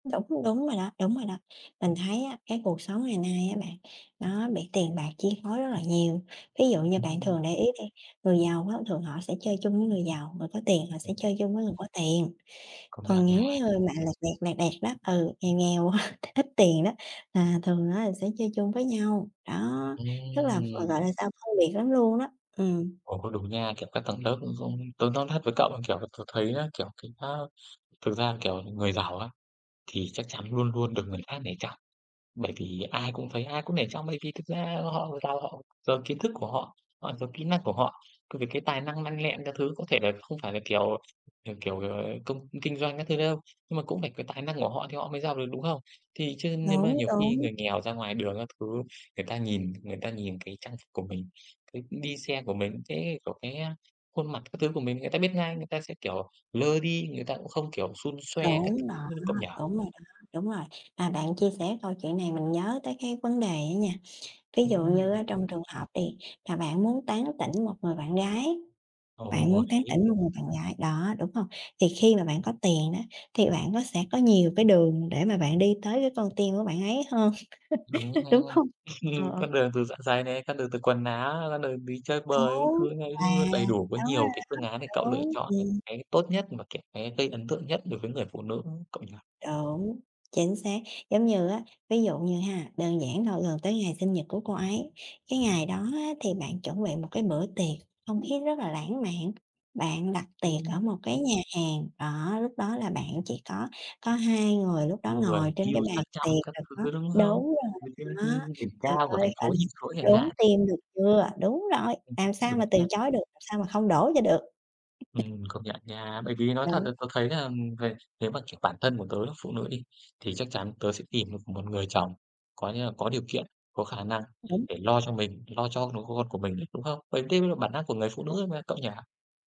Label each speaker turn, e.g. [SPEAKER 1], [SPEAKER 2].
[SPEAKER 1] Đúng, đúng rồi đó, đúng rồi đó. Mình thấy á, cái cuộc sống ngày nay á bạn, nó bị tiền bạc chi phối rất là nhiều. Ví dụ như
[SPEAKER 2] Ừm,
[SPEAKER 1] bạn
[SPEAKER 2] ừm.
[SPEAKER 1] thường để ý đi, người giàu á, thường họ sẽ chơi chung với người giàu, người có tiền, họ sẽ
[SPEAKER 2] Ừm.
[SPEAKER 1] chơi chung với người có tiền.
[SPEAKER 2] Công nhận
[SPEAKER 1] Còn
[SPEAKER 2] nha.
[SPEAKER 1] những cái người mà lẹt đẹt, lẹt đẹt đó, ừ, nghèo nghèo á, ít tiền đó, là thường á, là sẽ chơi chung với nhau. Đó, rất là v
[SPEAKER 2] Ừm!
[SPEAKER 1] gọi là sao? Phân biệt lắm luôn á, ừm.
[SPEAKER 2] Ồ, cũng đúng nha. Kiểu, các tầng lớp ấy, cũng tớ nói thật với cậu là, kiểu là, tớ thấy á, kiểu, cái, á, thực ra, kiểu, người giàu á, thì chắc chắn luôn luôn được người khác nể trọng. Bởi vì ai cũng thấy, ai cũng nể trọng. Bởi vì thực ra họ giàu, họ giàu kiến thức của họ, họ giàu kỹ năng của họ, cũng vì cái tài năng lanh lẹ các thứ. Có thể là không phải là kiểu, kiểu kiểu, ờ, công kinh doanh các thứ đâu, nhưng mà cũng phải có tài năng ở họ thì họ mới giàu được, đúng không? Thì chứ nhưng mà
[SPEAKER 1] Đúng,
[SPEAKER 2] nhiều khi
[SPEAKER 1] đúng.
[SPEAKER 2] người nghèo ra ngoài đường các thứ, người ta nhìn người ta nhìn cái trang phục của mình, cái đi xe của mình, cái, a của cái, a, khuôn mặt các thứ của mình, người ta biết ngay. Người ta sẽ, kiểu, lơ đi, người ta cũng không, kiểu, xun xoe các
[SPEAKER 1] Đúng
[SPEAKER 2] thứ,
[SPEAKER 1] đó,
[SPEAKER 2] như
[SPEAKER 1] đúng
[SPEAKER 2] cậu nhỉ?
[SPEAKER 1] rồi đó, đúng rồi. Mà bạn chia sẻ câu chuyện này, mình nhớ tới cái vấn đề á nha, ví dụ
[SPEAKER 2] Ừm!
[SPEAKER 1] như á, trong trường hợp đi, mà bạn muốn tán tỉnh một người bạn gái, bạn
[SPEAKER 2] Ồ,
[SPEAKER 1] muốn tán
[SPEAKER 2] đấy!
[SPEAKER 1] tỉnh một người bạn gái, đó, đúng hông? Thì khi mà bạn có tiền á, thì bạn có sẽ có nhiều cái đường để mà bạn đi tới cái con tim của bạn ấy hơn,
[SPEAKER 2] Đúng ha.
[SPEAKER 1] đúng hông? Ờ,
[SPEAKER 2] Ừm,
[SPEAKER 1] ờ.
[SPEAKER 2] con đường từ dạ dày này, con đường từ quần áo, ra đường đi chơi bời các
[SPEAKER 1] Đúng,
[SPEAKER 2] thứ ấy
[SPEAKER 1] à,
[SPEAKER 2] luôn, đầy đủ. Có
[SPEAKER 1] đúng rồi
[SPEAKER 2] nhiều cái phương án để
[SPEAKER 1] đó.
[SPEAKER 2] cậu lựa
[SPEAKER 1] Đúng,
[SPEAKER 2] chọn, ừm,
[SPEAKER 1] ừm.
[SPEAKER 2] cái tốt nhất và cái cái gây ấn tượng nhất đối với người phụ nữ, cậu nhỉ?
[SPEAKER 1] Đúng, chính xác. Giống như á ví dụ như ha, đơn giản thôi, gần tới ngày sinh nhật của cô ấy. Cái ngày đó á, thì bạn chuẩn bị một cái bữa tiệc, không khí rất là lãng mạn. Bạn đặt tiệc ở
[SPEAKER 2] Ừm.
[SPEAKER 1] một cái nhà hàng, đó, lúc đó là bạn chỉ có có hai người. Lúc đó,
[SPEAKER 2] Người
[SPEAKER 1] ngồi trên
[SPEAKER 2] yêu
[SPEAKER 1] cái bàn
[SPEAKER 2] sang trọng
[SPEAKER 1] tiệc,
[SPEAKER 2] các
[SPEAKER 1] rồi có
[SPEAKER 2] thứ, đúng không?
[SPEAKER 1] đúng rồi
[SPEAKER 2] Ngồi trên cái
[SPEAKER 1] đó.
[SPEAKER 2] đỉnh
[SPEAKER 1] Trời
[SPEAKER 2] cao của
[SPEAKER 1] ơi,
[SPEAKER 2] thành
[SPEAKER 1] gọi
[SPEAKER 2] phố
[SPEAKER 1] là,
[SPEAKER 2] nhìn xuống chẳng
[SPEAKER 1] đốn
[SPEAKER 2] hạn.
[SPEAKER 1] tim, được chưa? Đúng rồi,
[SPEAKER 2] Ừm,
[SPEAKER 1] làm sao mà
[SPEAKER 2] đúng
[SPEAKER 1] từ
[SPEAKER 2] nha.
[SPEAKER 1] chối được, làm sao mà không đổ cho được.
[SPEAKER 2] Ừm, công nhận nha. Bởi vì nói
[SPEAKER 1] Ừm,
[SPEAKER 2] thật
[SPEAKER 1] đúng.
[SPEAKER 2] là tớ thấy là, ừm, người nếu mà kiểu bản thân của tớ là phụ nữ đi, thì chắc chắn tớ sẽ tìm một một người chồng, có nghĩa là có điều kiện, có khả năng
[SPEAKER 1] Đúng.
[SPEAKER 2] để lo cho mình, lo cho đứa con của mình, đúng không? Vậy tức là bản năng của người phụ nữ
[SPEAKER 1] Đúng.
[SPEAKER 2] mà, cậu nhỉ?